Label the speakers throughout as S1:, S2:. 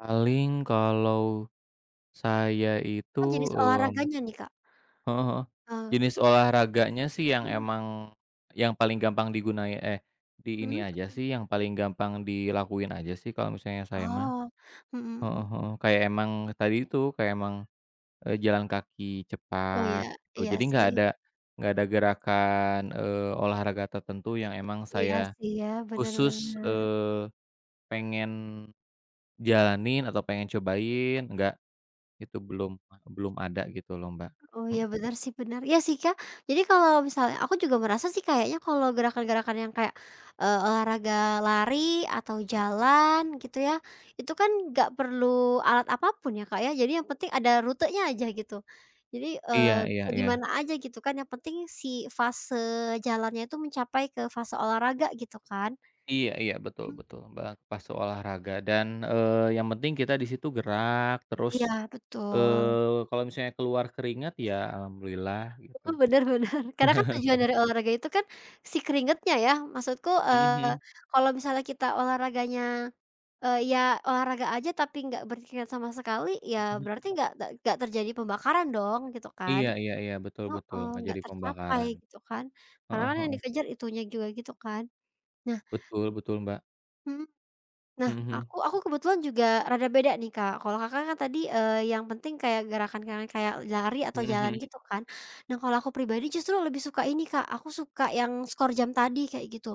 S1: Paling kalau, saya
S2: Oh,
S1: itu,
S2: jenis
S1: mmm,
S2: olahraganya nih Kak?
S1: heeh heeh,
S2: Oh.
S1: jenis olahraganya sih yang
S2: Mhm.
S1: emang, yang paling gampang digunain, eh, di
S2: Mhm
S1: ini aja
S2: mhm.
S1: sih yang paling gampang dilakuin aja sih kalau misalnya saya mah.
S2: Oh, mhm
S1: Heeh
S2: mhm.
S1: heeh, kayak emang tadi itu kayak emang, eee, jalan kaki
S2: Oh,
S1: cepat,
S2: iya
S1: eee,
S2: iya
S1: jadi nggak
S2: sih.
S1: ada nggak ada gerakan, eee, olahraga tertentu yang emang
S2: Iya,
S1: saya,
S2: sih, ya, bener
S1: khusus,
S2: bener.
S1: eee, pengen, jalanin atau pengen cobain enggak, itu belum belum ada gitu loh Mbak,
S2: Oh, iya,
S1: mmm.
S2: benar, sih, benar, iya, sih, Kak, jadi kalau misalnya aku juga merasa sih kayaknya kalau gerakan-gerakan yang kayak, eee, olahraga lari atau jalan gitu ya, itu kan gak perlu alat apa pun ya, Kak, ya. Jadi yang penting ada rutenya aja gitu. Jadi, eee,
S1: Iya iya
S2: bisa di
S1: iya.
S2: mana aja gitu kan yang penting si fase jalannya tuh mencapai ke fase olahraga gitu kan.
S1: Iya iya, betul
S2: Mmm.
S1: betul, Mbak, pas olahraga dan, eee, yang penting kita di situ gerak terus,
S2: Iya, betul.
S1: eee, kalau misalnya keluar keringat ya alhamdulillah gitu.
S2: Mhm, bener bener, karena kan tujuan dari olahraga itu kan, si keringatnya ya maksudku,
S1: Mhm
S2: eee,
S1: mhm.
S2: kalau misalnya kita olahraganya, eee, ya olahraga aja tapi nggak berpikir sama sekali ya
S1: Mhm
S2: berarti
S1: mhm.
S2: nggak nggak nggak terjadi pembakaran dong gitu kan.
S1: Iya iya iya, betul betul,
S2: Heeh,
S1: nggak
S2: nggak
S1: jadi
S2: tercapai
S1: pembakaran,
S2: gitu kan. Karena
S1: heeh
S2: kan yang
S1: heeh.
S2: dikejar itunya juga gitu kan. Nah
S1: Betul betul, Mbak.
S2: Mhm, nah,
S1: Mhm mhm.
S2: aku aku kebetulan juga rada beda nih Kak kalau Kakak kan tadi, eee, yang penting kayak gerakan-gerakan kayak lari atau
S1: Mhm
S2: jalan
S1: mhm.
S2: gitu kan. Nah, kalau aku pribadi justru lebih suka ini Kak aku suka yang skor jam tadi kayak gitu,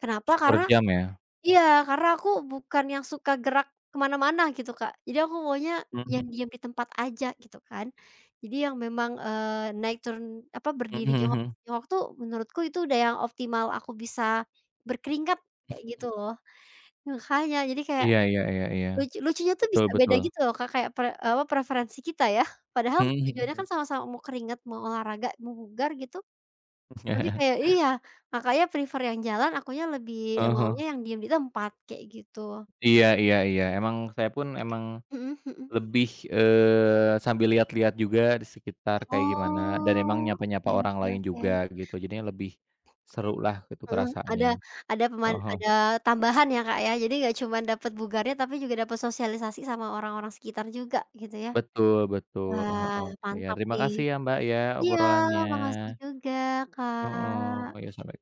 S2: kenapa?
S1: Skor
S2: Karena
S1: jam ya.
S2: iya, karena aku bukan yang suka gerak ke mana-mana gitu Kak. Jadi aku maunya yang
S1: Mhm.
S2: diam di tempat aja gitu kan. Jadi yang memang, eee, naik turun apa
S1: Mhm
S2: berdiri
S1: mhm
S2: jongkok
S1: mhm.
S2: jongkok tuh menurutku itu udah yang optimal aku bisa, berkeringat
S1: Mhm
S2: kayak gitu
S1: mhm.
S2: loh. Makanya jadi kayak,
S1: Iya iya iya iya,
S2: lucu lucunya tuh
S1: betul
S2: bisa beda
S1: betul.
S2: gitu loh Kak kayak pre eee, apa preferensi kita ya padahal
S1: Mhm mhm
S2: tujuannya kan
S1: mhm.
S2: sama-sama mau keringat mau olahraga mau bugar gitu. Tapi kayak iya, Kakaknya prefer yang jalan akunya lebih
S1: Heeh
S2: maunya
S1: heeh.
S2: yang diem ditempat kayak gitu.
S1: Iya iya iya, emang saya pun emang,
S2: Mhm mhm.
S1: lebih, eee, sambil lihat-lihat juga di sekitar kayak gimana dan emang
S2: Oh,
S1: nyapa-nyapa
S2: oke
S1: orang
S2: oke
S1: lain juga
S2: oke.
S1: begitu jadinya lebih, serulah gitu
S2: Heeh, ada
S1: perasaannya,
S2: ada peman
S1: heeh heeh.
S2: ada tambahan ya, Kak, ya. Jadi gak cuman dapet bugarnya tapi juga dapat sosialisasi sama orang-orang sekitar juga gitu ya.
S1: Betul betul,
S2: Wah,
S1: heeh, iya,
S2: mantap
S1: terima
S2: nih.
S1: kasih ya, Mbak, ya,
S2: Iya,
S1: obrolannya.
S2: makasih juga
S1: Heeh,
S2: Kak.
S1: iya, sampai